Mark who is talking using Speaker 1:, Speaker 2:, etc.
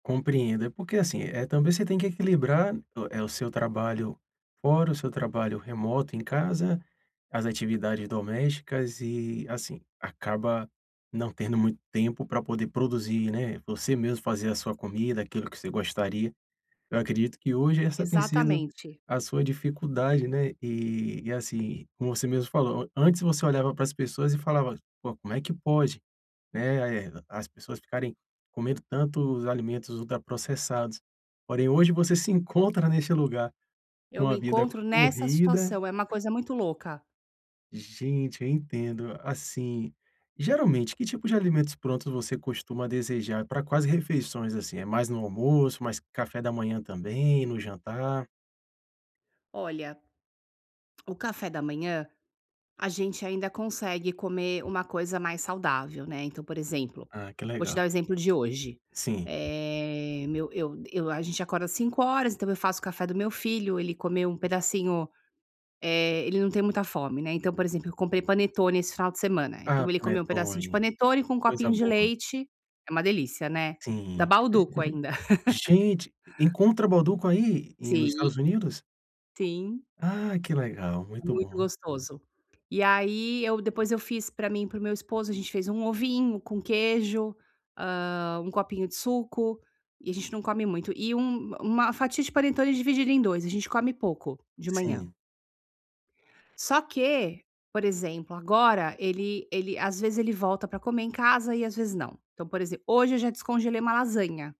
Speaker 1: Compreendo. É porque, assim, é, também, você tem que equilibrar, eh, o seu trabalho fora, o seu trabalho remoto em casa, as atividades domésticas e, assim, acaba não tendo muito tempo pra poder produzir, né, você mesmo fazer a sua comida, aquilo que você gostaria. Eu acredito que hoje essa tem sido
Speaker 2: Exatamente.
Speaker 1: a sua dificuldade, né. E e, assim, como você mesmo falou, antes você olhava pras pessoas e falava: “Pô, como é que pode, né, as pessoas ficarem comendo tanto os alimentos ultraprocessados?”. Porém, hoje você se encontra neste lugar,
Speaker 2: Eu
Speaker 1: com
Speaker 2: me
Speaker 1: a vida
Speaker 2: encontro nessa
Speaker 1: corrida.
Speaker 2: situação, é uma coisa muito louca.
Speaker 1: Gente, eu entendo. Assim, geralmente, que tipos de alimentos prontos você costuma desejar? E pra quase refeições, assim? É mais no almoço, mais café da manhã também, no jantar?
Speaker 2: Olha, o café da manhã a gente ainda consegue comer uma coisa mais saudável, né. Então por exemplo,
Speaker 1: Ah, que
Speaker 2: vou te dar
Speaker 1: legal.
Speaker 2: o exemplo de hoje,
Speaker 1: Sim.
Speaker 2: eh, meu eu eu a gente acorda 5:00 horas, então eu faço o café do meu filho, ele comeu um pedacinho eh, ele não tem muita fome, né. Então por exemplo eu comprei panetone esse final de semana,
Speaker 1: Ah,
Speaker 2: então ele comeu um pedacinho de
Speaker 1: panetone,
Speaker 2: panetone com um
Speaker 1: coisa
Speaker 2: copinho de
Speaker 1: boa.
Speaker 2: leite, é uma delícia, né, da
Speaker 1: Sim,
Speaker 2: Bauducco ainda.
Speaker 1: gente, encontra Bauducco aí, e nos
Speaker 2: Sim.
Speaker 1: Estados Unidos?
Speaker 2: Sim.
Speaker 1: Ah que legal,
Speaker 2: É
Speaker 1: muito
Speaker 2: muito
Speaker 1: bom.
Speaker 2: gostoso. E aí, eu depois, eu fiz pra mim e para o meu esposo, a gente fez um ovinho com queijo, hã, 1 copinho de suco e a gente não come muito, e um uma fatia de panetone dividida em 2, a gente come pouco de manhã.
Speaker 1: Sim.
Speaker 2: Só que, por exemplo, agora ele ele às vezes ele volta pra comer em casa e às vezes não. Então, por exemplo, hoje eu já descongelei uma lasanha.